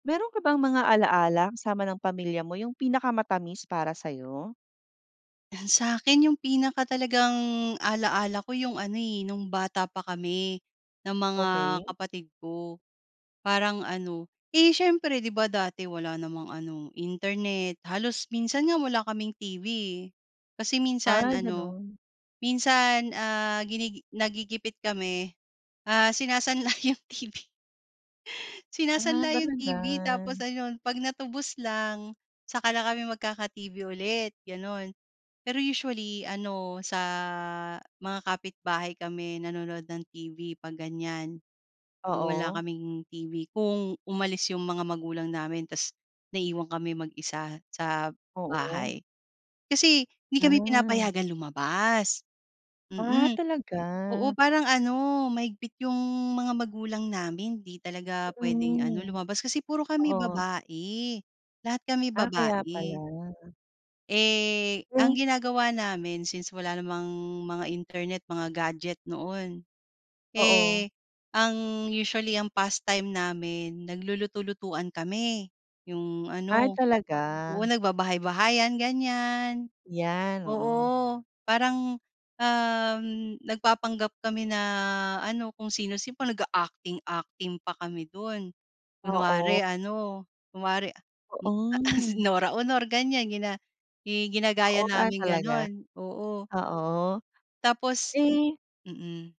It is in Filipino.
Meron ka bang mga alala kasama ng pamilya mo yung pinakamatamis para sayo? Ah, sakin yung pinaka talagang ala-ala ko yung ano, eh, nung bata pa kami ng mga Okey. kapatid ko parang ano, eh, siyempre 'di ba dati wala namang ano internet. Halos minsan nga wala kaming TV, eh, kasi minsan Ay ano ganun. minsan, ah, ginigi nagigipit kami, ah, sinasanla yung TV. Ah, Sinasanla yung talaga? TV tapos ayun pag natubos lang saka lang kami magkaka-TV ulit ganon. Pero usually ano sa mga kapitbahay kami nanonood ng TV pag ganyan pag wala Oo. kaming TV. Kung umalis yung mga magulang namin tapos naiiwan kami mag-isa sa Oo. bahay. Kasi hindi kami Hmm. pinapayagan lumabas, Ah, mm. talaga. Oo parang ano, mahigpit yung mga magulang namin di talaga puwedeng ano Mm, lumabas Kasi puro kami oo. babae. Lahat kami Ah, kaya babae. pala. Eh, ang Eh. ginagawa namin since wala namang mga internet, mga gadget noon. Oo. Eh, ang usually ang pastime namin nagluluto-lutuan kami, yung Ay ano talaga. oo nagbabahay-bahayan ganyan. Yan oo. Oo. Parang, um, nagpapanggap kami na ano kung sino-sino parang naga-acting acting pa kami dun kunwari Oo. ano kunwari a m ah Oh, si hmm. Nora Aunor ganyan gina i ginagaya Oo, ah, naming talaga ganon, oo. oo. Tapos, Eh. mm.